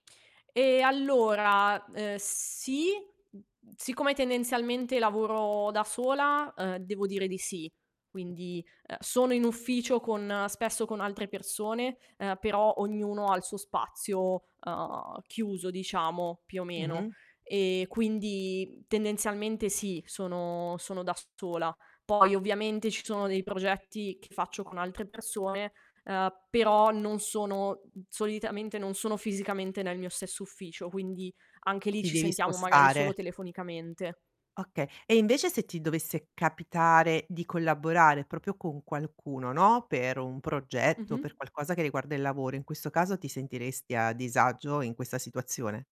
E allora, ehm, sì, mhmm, mhmm, siccome tendenzialmente lavoro da sola, ehm, devo dire di sì. Quindi, ehm, sono in ufficio con spesso con altre persone, ehm, però ognuno ha il suo spazio, ehm, chiuso diciamo, più o meno. Mh-mh. E quindi, mhmm, tendenzialmente sì, sono sono da sola. Poi ovviamente ci sono dei progetti che faccio con altre persone, ehm, però non sono mhmm, solitamente non sono fisicamente nel mio stesso ufficio, quindi anche lì Ti ci devi sentiamo magari spostare. solo telefonicamente. Oka e invece se ti dovesse capitare di collaborare proprio con qualcuno, no, per un progetto, Mh-mh. per qualcosa che riguarda il lavoro. In questo caso ti sentiresti a disagio in questa situazione?